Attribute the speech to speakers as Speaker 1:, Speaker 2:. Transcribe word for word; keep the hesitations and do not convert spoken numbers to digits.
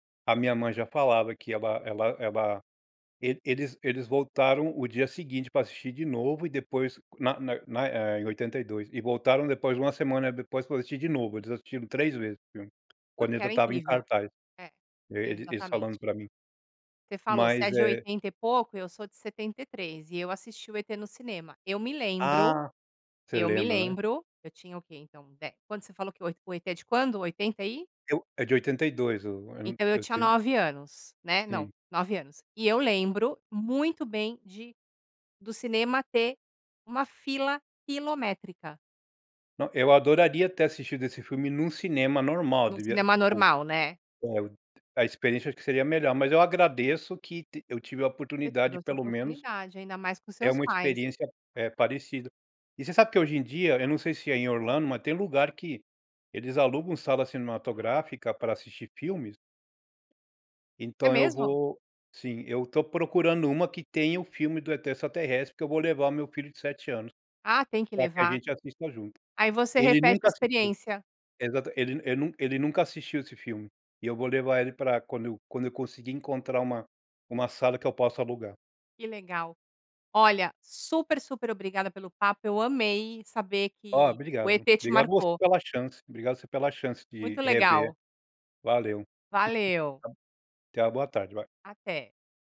Speaker 1: A minha mãe já falava que ela ela ela, ele eles eles voltaram o dia seguinte para assistir de novo e depois na na na eh, em oitenta e dois e voltaram depois uma semana depois para assistir de novo, eles assistiram três vezes o filme, quando
Speaker 2: Porque
Speaker 1: ele já
Speaker 2: era
Speaker 1: estava em
Speaker 2: incrível.
Speaker 1: cartaz,
Speaker 2: É,
Speaker 1: eles
Speaker 2: exatamente.
Speaker 1: falando para mim.
Speaker 2: Você falou você é
Speaker 1: Mas
Speaker 2: de
Speaker 1: é
Speaker 2: oitenta e pouco, eu sou de setenta e três e eu assisti o ET no cinema. Eu me lembro,
Speaker 1: Ah, você
Speaker 2: eu me
Speaker 1: lembra, né
Speaker 2: lembro, eu tinha o quê então, de Quando você falou que o ET, o ET é de quando? oitenta e?
Speaker 1: Eu. É de oitenta e dois, eu
Speaker 2: Então eu
Speaker 1: eu
Speaker 2: tinha
Speaker 1: tenho.
Speaker 2: nove anos, né? Não,
Speaker 1: Sim.
Speaker 2: nove anos. E eu lembro muito bem de do cinema ter uma fila quilométrica.
Speaker 1: Não, eu adoraria ter assistido esse filme num cinema normal
Speaker 2: No
Speaker 1: devia
Speaker 2: cinema
Speaker 1: tipo,
Speaker 2: normal, né.
Speaker 1: a experiência acho que seria melhor, mas eu agradeço que t eu tive a
Speaker 2: Você
Speaker 1: oportunidade
Speaker 2: teve
Speaker 1: de
Speaker 2: essa
Speaker 1: pelo menos,
Speaker 2: oportunidade ainda mais com
Speaker 1: ter
Speaker 2: seus
Speaker 1: uma
Speaker 2: pais.
Speaker 1: experiência, eh, parecida. E você sabe que hoje em dia, eu não sei ai em Orlando, mas tem lugar que eles alugam sala cinematográfica para assistir filmes
Speaker 2: É
Speaker 1: então eu
Speaker 2: mesmo?
Speaker 1: vou, sim, eu estou procurando uma que tenha o filme do ET extraterrestre porque eu vou levar o meu filho de sete anos,
Speaker 2: Ah, tem que
Speaker 1: para que a
Speaker 2: levar.
Speaker 1: gente assista junto.
Speaker 2: Aí você
Speaker 1: Ele
Speaker 2: repete a
Speaker 1: nunca assistiu,
Speaker 2: experiência.
Speaker 1: ele ele nun ele nunca assistiu esse filme, e eu vou levar ele para quando eu quando eu conseguir encontrar uma uma sala que eu posso alugar.
Speaker 2: Que legal. Olha, super, super obrigada pelo papo, eu amei saber
Speaker 1: Olha,
Speaker 2: que o
Speaker 1: obrigado.
Speaker 2: ET te
Speaker 1: Obrigado você
Speaker 2: marcou.
Speaker 1: pela chance, obrigado você pela chance de
Speaker 2: Muito
Speaker 1: rever.
Speaker 2: legal.
Speaker 1: Valeu.
Speaker 2: Valeu.
Speaker 1: Tenha uma boa tarde.
Speaker 2: Até.